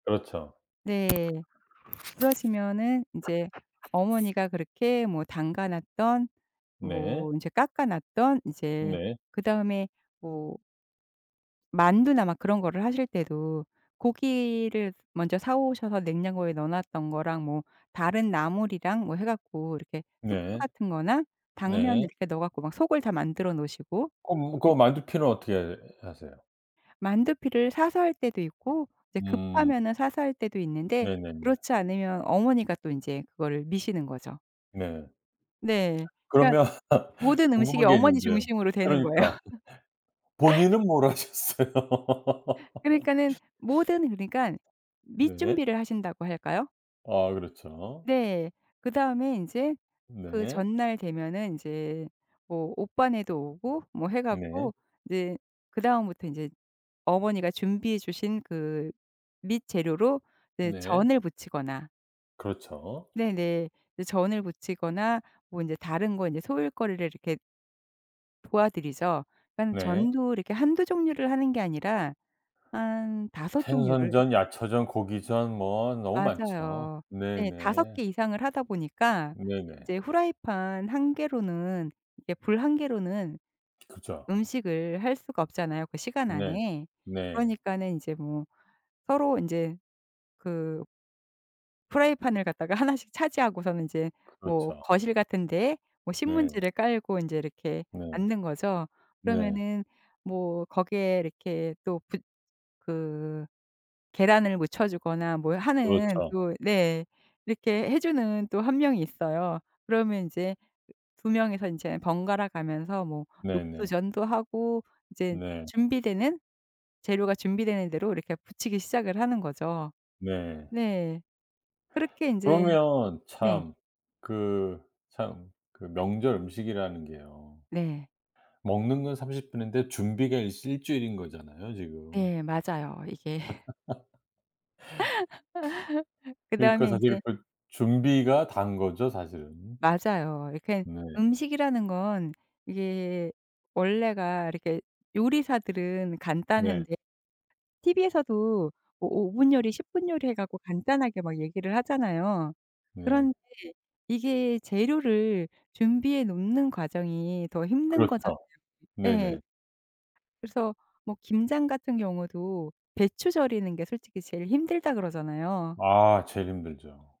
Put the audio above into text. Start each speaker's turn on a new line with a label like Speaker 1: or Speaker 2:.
Speaker 1: 그렇죠.
Speaker 2: 네. 그러시면은 이제 어머니가 그렇게 뭐 담가 놨던
Speaker 1: 네.
Speaker 2: 뭐 이제 깎아 놨던 이제
Speaker 1: 네.
Speaker 2: 그다음에 뭐 만두나 막 그런 거를 하실 때도 고기를 먼저 사 오셔서 냉장고에 넣어 놨던 거랑 뭐 다른 나물이랑 뭐 해 갖고 이렇게 숙주
Speaker 1: 네.
Speaker 2: 같은 거나 당면을
Speaker 1: 네.
Speaker 2: 이렇게 넣어 갖고 속을 다 만들어 놓으시고.
Speaker 1: 그럼 그
Speaker 2: 네
Speaker 1: 만두피는 어떻게 해 하세요?
Speaker 2: 만두피를 사서 할 때도 있고 이제
Speaker 1: 음.
Speaker 2: 급하면은 사서 할 때도 있는데
Speaker 1: 네네네.
Speaker 2: 그렇지 않으면 어머니가 또 인제 그거를 미시는 거죠.
Speaker 1: 네.
Speaker 2: 네. 그러니까
Speaker 1: 그러면
Speaker 2: 모든 음식이
Speaker 1: 궁금한 게
Speaker 2: 어머니
Speaker 1: 있는데요.
Speaker 2: 중심으로 되는 거예요.
Speaker 1: 그러니까 본인은 뭘 하셨어요?
Speaker 2: 그니까는 모든 그러니깐 밑
Speaker 1: 네.
Speaker 2: 준비를 하신다고 할까요?
Speaker 1: 아 그렇죠.
Speaker 2: 네. 그다음에 인제 그
Speaker 1: 네.
Speaker 2: 전날 되면은 인제 뭐 오빠네도 오고 뭐 해
Speaker 1: 네.
Speaker 2: 갖고 이제 그 다음부터 이제 어머니가 준비해 주신 그 밑 재료로 이제
Speaker 1: 네.
Speaker 2: 전을 부치거나
Speaker 1: 그렇죠.
Speaker 2: 네네. 이제 전을 부치거나 뭐 인제 다른 거 인제 소일거리를 이렇게 도와드리죠. 그러니까
Speaker 1: 네.
Speaker 2: 전도 이렇게 1-2 종류를 하는 게 아니라 한 5 종류를 해
Speaker 1: 생선전, 야채전, 고기전 뭐 너무 많죠.
Speaker 2: 맞아요. 네. 5
Speaker 1: 네네.
Speaker 2: 개 이상을 하다 보니까
Speaker 1: 네네.
Speaker 2: 이제 프라이팬 1 개로는 이렇게 불 1 개로는
Speaker 1: 그죠.
Speaker 2: 음식을 할 수가 없잖아요 그 시간
Speaker 1: 네.
Speaker 2: 안에.
Speaker 1: 네.
Speaker 2: 그러니까는 인제 뭐 서로 인제 그 프라이팬을 갖다가 1 씩 차지하고서는 인제 뭐
Speaker 1: 그렇죠.
Speaker 2: 거실 같은 데에 뭐
Speaker 1: 네.
Speaker 2: 신문지를 깔고 인제 이렇게
Speaker 1: 네.
Speaker 2: 앉는 거죠.
Speaker 1: 네.
Speaker 2: 그러면 뭐 거기에 이렇게 또 붙 그 계란을 묻혀 주거나 뭘 하는
Speaker 1: 그렇죠.
Speaker 2: 또 네. 이렇게 해 주는 또 1 명이 있어요. 그러면 인제 2 명이서 인제 번갈아 가면서 뭐
Speaker 1: 네네.
Speaker 2: 녹두전도 하고 이제
Speaker 1: 네.
Speaker 2: 준비되는 재료가 준비되는 대로 이렇게 부치기 시작을 하는 거죠.
Speaker 1: 네.
Speaker 2: 네. 그렇게 인제
Speaker 1: 그러면
Speaker 2: 네.
Speaker 1: 참 그 참 그 명절 음식이라는 게요.
Speaker 2: 네.
Speaker 1: 먹는 건 30 분인데 준비가 일시 1 주일인 거잖아요 지금.
Speaker 2: 네. 맞아요. 이게 그다음에
Speaker 1: 그러니까 사실
Speaker 2: 인제
Speaker 1: 그 준비가 다인 거죠 사실은.
Speaker 2: 맞아요. 이렇게
Speaker 1: 네.
Speaker 2: 음식이라는 건 이게 원래가 이렇게 요리사들은
Speaker 1: 네.
Speaker 2: 간단한데 TV에서도 뭐 5 분 요리, 10 분 요리 해 갖고 간단하게 막 얘기를 하잖아요.
Speaker 1: 네.
Speaker 2: 그런데 이게 재료를 준비해 놓는 과정이 더 힘든
Speaker 1: 그렇죠.
Speaker 2: 거잖아요. 예.
Speaker 1: 네네.
Speaker 2: 그래서 뭐 김장 같은 경우도 배추 절이는 게 솔직히 제일 힘들다 그러잖아요.
Speaker 1: 아 제일 힘들죠.